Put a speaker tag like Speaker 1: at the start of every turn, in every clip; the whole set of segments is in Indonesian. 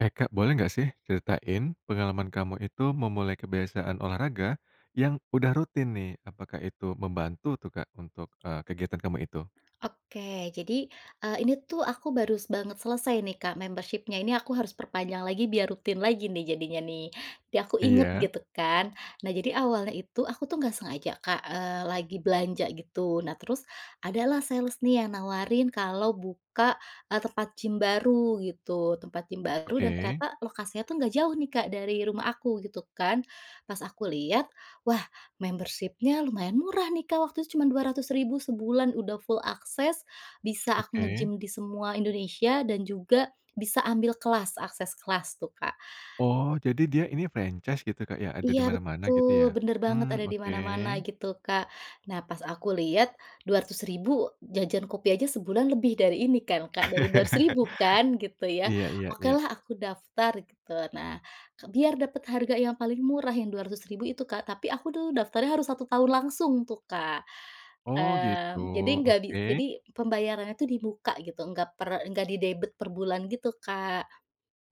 Speaker 1: Eh, Kak boleh gak sih ceritain pengalaman kamu itu memulai kebiasaan olahraga, yang udah rutin nih, apakah itu membantu tuh, Kak untuk, eee, kegiatan kamu itu?
Speaker 2: Oke jadi, eee, ini tuh aku baru banget selesai nih Kak membership-nya ini aku harus perpanjang lagi biar rutin lagi nih jadinya nih biar aku inget
Speaker 1: Iya.
Speaker 2: gitu kan nah jadi awalnya itu aku tuh nggak sengaja Kak, eee, lagi belanja gitu. Nah terus, ada lah sales nih yang nawarin kalau buka, eee, tempat gym baru gitu tempat gym baru dan
Speaker 1: Oke.
Speaker 2: ternyata lokasinya tuh nggak jauh nih Kak dari rumah aku gitu kan pas aku lihat wah membership-nya lumayan murah nih Kak waktu itu cuma Rp200.000 sebulan udah full akses, bisa aku
Speaker 1: Oke.
Speaker 2: nge-gym di semua Indonesia dan juga bisa ambil kelas akses kelas tuh, Kak.
Speaker 1: Oh jadi dia ini franchise gitu Kak ya ada
Speaker 2: Iya
Speaker 1: di mana-mana gitu
Speaker 2: betul
Speaker 1: ya,
Speaker 2: bener banget
Speaker 1: mmm,
Speaker 2: ada di
Speaker 1: oke.
Speaker 2: mana-mana gitu Kak nah pas aku lihat, Rp200.000 jajan kopi aja sebulan lebih dari ini kan Kak, dari Rp200.000 kan gitu ya
Speaker 1: Iya iya iya.
Speaker 2: okelah aku daftar gitu. Nah, biar dapet harga yang paling murah yang Rp200.000 itu Kak tapi aku tuh daftarnya harus 1 tahun langsung tuh Kak,
Speaker 1: Oh gitu?
Speaker 2: mmm, jadi gabi
Speaker 1: Oke.
Speaker 2: jadi pembayarannya itu di muka gitu nggak per nggak didebet perbulan gitu Kak,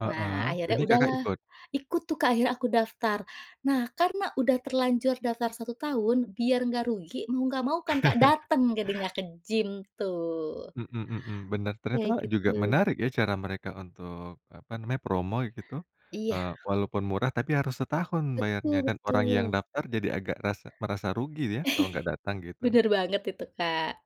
Speaker 1: Heeh,
Speaker 2: nah akhirnya
Speaker 1: ini Kakak
Speaker 2: udahlah
Speaker 1: ikut?
Speaker 2: ikut tuh Kak akhirnya aku daftar nah karena udah terlanjur daftar 1 tahun biar enggak rugi mau nggak mau kan, Kak, dateng jadinya ke gym tuh.
Speaker 1: Mhm mhm, bener
Speaker 2: Iya
Speaker 1: ternyata juga
Speaker 2: gitu.
Speaker 1: menarik ya, cara mereka untuk apa namanya promo gitu,
Speaker 2: Iya.
Speaker 1: eee, walaupun murah tapi harus setahun bayarnya
Speaker 2: Betul
Speaker 1: dan orang yang
Speaker 2: betul.
Speaker 1: daftar jadi agak rasa merasa rugi dia kalau gak datang gitu.
Speaker 2: Bener banget itu, Kak.